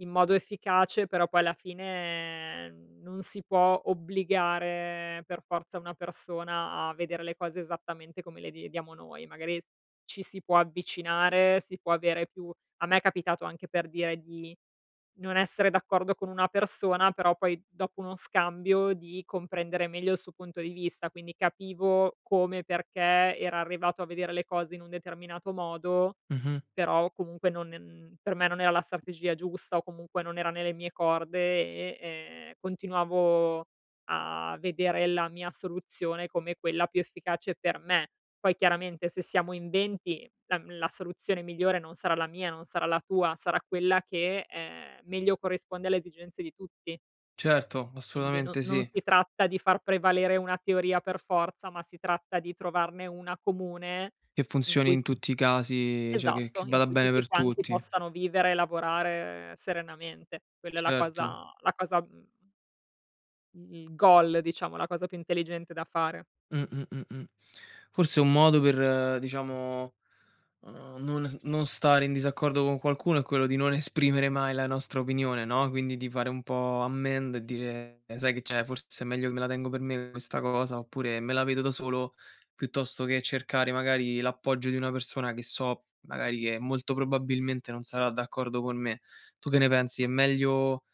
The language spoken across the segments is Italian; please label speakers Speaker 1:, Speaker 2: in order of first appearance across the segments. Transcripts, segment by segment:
Speaker 1: In modo efficace, però poi alla fine, ehm, non si può obbligare per forza una persona a vedere le cose esattamente come le vediamo noi. Magari ci si può avvicinare, si può avere più a me è capitato, anche per dire, di non essere d'accordo con una persona, però poi dopo uno scambio, di comprendere meglio il su punto di vista. Quindi capivo come e perché era arrivato a vedere le cose in un determinato modo,
Speaker 2: Mh-mh.
Speaker 1: però comunque non ehm, per me non era la strategia giusta o comunque non era nelle mie corde e, ehm, continuavo a vedere la mia soluzione come quella più efficace per me. Poi chiaramente se siamo in 20, la, mhmm, la soluzione migliore non sarà la mia, non sarà la tua, sarà quella che, ehm, meglio corrisponde alle esigenze di tutti.
Speaker 2: Certo,
Speaker 1: Quindi no
Speaker 2: assolutamente
Speaker 1: non
Speaker 2: sì.
Speaker 1: si tratta di far prevalere una teoria per forza, ma si tratta di trovarne una comune
Speaker 2: Che
Speaker 1: in
Speaker 2: funzioni
Speaker 1: cui
Speaker 2: in tutti i casi, cioè che che
Speaker 1: Esatto, in
Speaker 2: vada
Speaker 1: cui
Speaker 2: bene
Speaker 1: tutti
Speaker 2: per
Speaker 1: quanti
Speaker 2: tutti.
Speaker 1: possano vivere e lavorare serenamente. Quella è la
Speaker 2: Certo.
Speaker 1: cosa la cosa, mhmm i goal, diciamo, la cosa più intelligente da fare.
Speaker 2: Mh, mh, mh, mh. Forse è un modo per, uhm, diciamo, uhm, non s non stare in disaccordo con qualcuno, è quello di non esprimere mai la nostra opinione, no, quindi di fare un po' ammend e dire: "Sai che c'è? Forse è meglio che me la tengo per me questa cosa, oppure me la vedo da solo, piuttosto che cercare magari l'appoggio di una persona, che so magari, che molto probabilmente non sarà d'accordo con me." Tu che ne pensi?
Speaker 1: Ma
Speaker 2: È meglio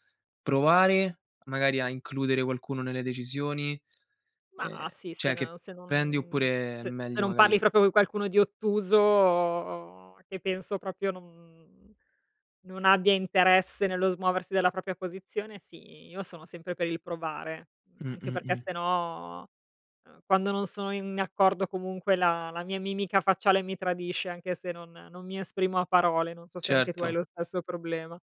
Speaker 2: provare magari a includere qualcuno nelle decisioni? Ehm,
Speaker 1: Mah, sì, se
Speaker 2: cioè
Speaker 1: n
Speaker 2: che
Speaker 1: uhm, se
Speaker 2: prendi
Speaker 1: non
Speaker 2: oppure è
Speaker 1: z se
Speaker 2: meglio
Speaker 1: non parli
Speaker 2: magari
Speaker 1: proprio co' qualcuno di ottuso, che penso proprio no, mhmm, non abbia interesse nello smuoversi dalla propria posizione, sì, io sono sempre per il provare. Mhmm, anche perché
Speaker 2: Mh-mh-mh.
Speaker 1: 'ste no, uhm, quando non sono in accordo comunque, la la mia mimica facciale mi tradisce, anche se non, ehm, non mi esprimo a parole. Non so se anche tu hai
Speaker 2: Certo.
Speaker 1: lo stesso problema.